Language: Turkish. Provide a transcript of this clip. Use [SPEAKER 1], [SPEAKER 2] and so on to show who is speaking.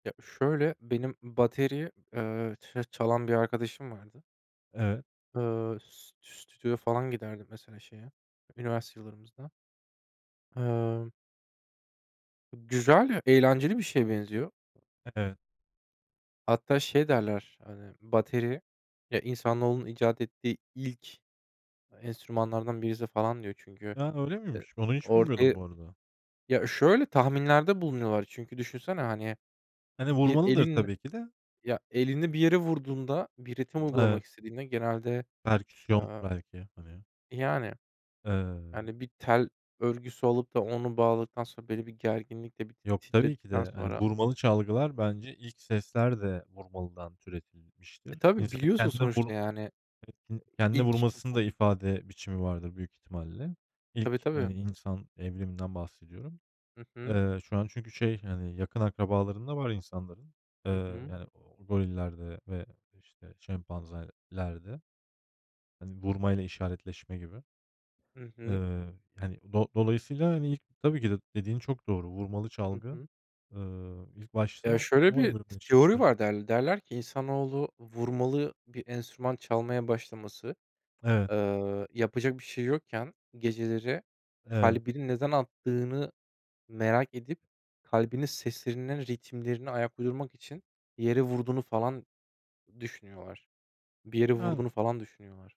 [SPEAKER 1] Ya, şöyle, benim bateri, eee, ça çalan bir arkadaşım vardı.
[SPEAKER 2] Evet.
[SPEAKER 1] Iıı, st stüdyoya falan giderdi, mesela, şeye üniversite yıllarımızda. Emm Güzel, eğlenceli bir şeye benziyor.
[SPEAKER 2] Evet.
[SPEAKER 1] Hatta şey derler, hani, bateri, eee, insanoğlunun icat ettiği ilk enstrümanlardan birisi falan diyor. Çünkü,
[SPEAKER 2] A, öyle
[SPEAKER 1] eee,
[SPEAKER 2] miymiş? Bunu hiç
[SPEAKER 1] ortaya
[SPEAKER 2] bilmiyordum bu arada.
[SPEAKER 1] Ya, şöyle, tahminlerde bulunuyorlar çünkü düşünsene, hani,
[SPEAKER 2] Hani,
[SPEAKER 1] bir
[SPEAKER 2] vurmalıdır
[SPEAKER 1] elin
[SPEAKER 2] tabii ki de.
[SPEAKER 1] ya, elini bir yere vurduğunda bir ritim
[SPEAKER 2] Evet.
[SPEAKER 1] uygulamak istediğinde genelde,
[SPEAKER 2] Perküsyon
[SPEAKER 1] eee
[SPEAKER 2] belki, hani.
[SPEAKER 1] Yani.
[SPEAKER 2] Eee
[SPEAKER 1] Yani, bir tel örgüsü alıp da onu bağladıktan sonra belli bir gerginlikle bir
[SPEAKER 2] Yok, tabii ki
[SPEAKER 1] titredikten
[SPEAKER 2] de, hani,
[SPEAKER 1] sonra.
[SPEAKER 2] vurmalı çalgılar bence ilk sesler de vurmalıdan
[SPEAKER 1] E,
[SPEAKER 2] türetilmiştir.
[SPEAKER 1] tabii,
[SPEAKER 2] İnsanın
[SPEAKER 1] biliyorsun
[SPEAKER 2] kendine vur
[SPEAKER 1] sonuçta, yani,
[SPEAKER 2] [unintelligible] kendine
[SPEAKER 1] ilk
[SPEAKER 2] vurmasını da ifade biçimi vardır, büyük ihtimalle.
[SPEAKER 1] Tabii,
[SPEAKER 2] İlk, eee,
[SPEAKER 1] tabii.
[SPEAKER 2] insan evriminden bahsediyorum.
[SPEAKER 1] Hı hı.
[SPEAKER 2] Eee, şu an çünkü şey, yani, yakın akrabalarında var insanların. Eee,
[SPEAKER 1] Hı hı.
[SPEAKER 2] yani, gorillerde ve, işte, şempanzelerde. Hani, vurmayla işaretleşme gibi.
[SPEAKER 1] Hı hı.
[SPEAKER 2] Iıı, hani, do dolayısıyla, hani, ilk, tabii ki de dediğin çok doğru. Vurmalı
[SPEAKER 1] Hı
[SPEAKER 2] çalgı,
[SPEAKER 1] hı.
[SPEAKER 2] ııı, ilk
[SPEAKER 1] Ya,
[SPEAKER 2] başta
[SPEAKER 1] şöyle
[SPEAKER 2] o
[SPEAKER 1] bir t teori
[SPEAKER 2] evrimleşmiştir.
[SPEAKER 1] var derl Derler ki, insanoğlu, vurmalı bir enstrüman çalmaya başlaması,
[SPEAKER 2] Evet.
[SPEAKER 1] eee yapacak bir şey yokken geceleri
[SPEAKER 2] Evet.
[SPEAKER 1] kalbinin neden attığını merak edip, kalbinin seslerinden ritimlerine ayak uydurmak için bir yere vurduğunu falan, düşünüyorlar. Bir yere
[SPEAKER 2] Yani
[SPEAKER 1] vurduğunu falan, düşünüyorlar.